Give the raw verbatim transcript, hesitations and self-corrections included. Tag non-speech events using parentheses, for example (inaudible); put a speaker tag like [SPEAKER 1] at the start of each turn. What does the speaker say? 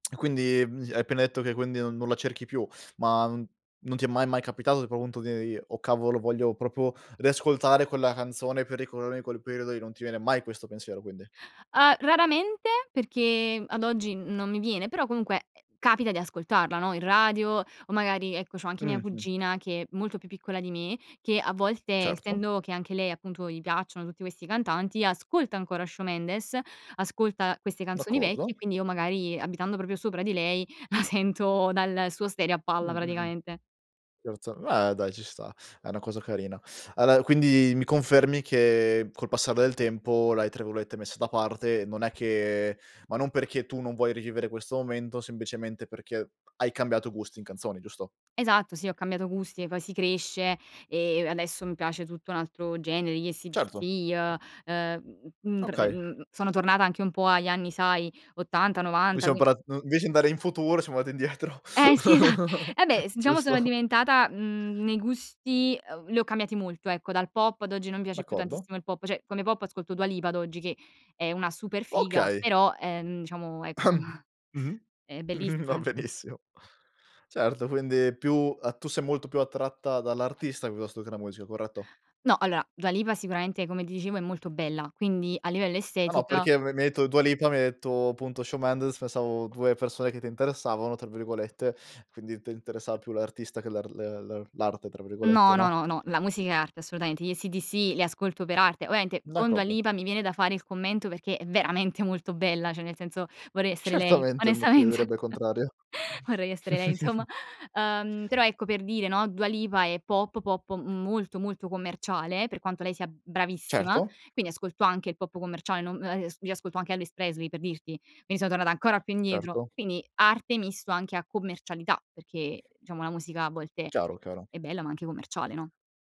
[SPEAKER 1] (smacks lips) E quindi, mhmm s hai appena etto che quindi non non la cerchi più, ma non ti è mai, mai capitato, ipo, punto: (unintelligible) "Oh, cavolo, voglio propio riascoltare quella canzone, per ricorormi quel periodo lì". Non ti viene mai questo pensiero, quindi.
[SPEAKER 2] Ah, raramente, perché ad oggi non mi viene, però, comunque, eh, capita di ascoltarla, no, in radio o magari, ecco, c'ho anche mia
[SPEAKER 1] Mh-mh.
[SPEAKER 2] cugina, che è molto più piccola di me, che, a volte,
[SPEAKER 1] Certo.
[SPEAKER 2] essendo che, anche lei, appunto, gli piacciono tutti questi cantanti, ascolta ancora Shawn Mendes, ascolta queste canzoni vecchie,
[SPEAKER 1] D'accordo.
[SPEAKER 2] quindi io magari, abitando proprio sopra di lei, (chuckles) sento dal suo stereo a palla,
[SPEAKER 1] Mh, mh-mh.
[SPEAKER 2] praticamente.
[SPEAKER 1] Certo, beh, dai ci sta, è una cosa carina. aller, quindi mi confermi che, col passare del tempo, l'hai, tra virolette, messa da parte. Non è che ma non perché tu non vuoi rivivere questo momento, sembicemente perché hai cambiato gusti in canzoni, giusto?
[SPEAKER 2] Esatto, sì, ho cambiato gusti, e poi si cresce e adesso mi piace tutto un altro genere, gli ACDC,
[SPEAKER 1] Certo.
[SPEAKER 2] ehm, ehm, m mhmm, pre
[SPEAKER 1] Okay.
[SPEAKER 2] mhmm, sono tornata anche un po' agli anni, sai, ottanta,
[SPEAKER 1] Noi
[SPEAKER 2] novanta,
[SPEAKER 1] siam
[SPEAKER 2] quin
[SPEAKER 1] parla no, nvece andare in futuro, siamo andati indietro.
[SPEAKER 2] Eh, sì, esa
[SPEAKER 1] (chuckles)
[SPEAKER 2] abbè, s diciamo sono
[SPEAKER 1] Giusto.
[SPEAKER 2] diventata, mhmm, nei gusti ehm, li ho cambiati molto ecco, dal pop ad oggi non piace più
[SPEAKER 1] D'accordo.
[SPEAKER 2] tantissimo il pop, cioè, come pop ascolto Dua Lipa ad oggi, che è una super figa,
[SPEAKER 1] Okay.
[SPEAKER 2] però, ehm, diciamo ecco, (chuckles)
[SPEAKER 1] (coughs) Mh-mh.
[SPEAKER 2] è
[SPEAKER 1] (chuckles) Va
[SPEAKER 2] bellissima, insomma.
[SPEAKER 1] benissimo. Certo, quindi più a tu sei molto più attratta dall' artista piuttosto che la musica, corretto?
[SPEAKER 2] No, alloa, Dua Lipa, sicuramente, come ti dicevo, è molto bella, quindi, a livello
[SPEAKER 1] Ah, no,
[SPEAKER 2] estetica
[SPEAKER 1] perché m mi detto Dua Lipa, mi hai detto punto Shawn Mendes, pensavo due persone che ti interessavano, tra virgolette, quindi te interessava più l'artista che l'ar l l'er l'arte, tra virgolette,
[SPEAKER 2] No, no,
[SPEAKER 1] no?
[SPEAKER 2] no, no, la musica è arte, assolutaente. Gli ACDC li ascolto per arte. oamente, con Dua
[SPEAKER 1] D'accordo.
[SPEAKER 2] Lipa mi viene da fare il commento, perché è veramente molto bella, ceh nel senso, vorrei essere lei,
[SPEAKER 1] Certamente, ma chi
[SPEAKER 2] onestamente.
[SPEAKER 1] direbbe il contrario?
[SPEAKER 2] (chuckles) Vorrei essere lei, insomma.
[SPEAKER 1] (chuckles)
[SPEAKER 2] Ehm, però ecco, per dire, no, Dua Lipa è pop pop molto, molto commerciale, per quanto lei sia bravissima,
[SPEAKER 1] Certo.
[SPEAKER 2] quindi ascolto anche il pop commerciale, non ehm, io ascolto anche Elvis Presley, per dirti, quindi son tornata ancora più indietro.
[SPEAKER 1] Certo.
[SPEAKER 2] Quindi, arte misto anche a commercialità, perché, diciamo, la musica a volte
[SPEAKER 1] Chiaro, caro
[SPEAKER 2] è bella, ma anche commerciale, no?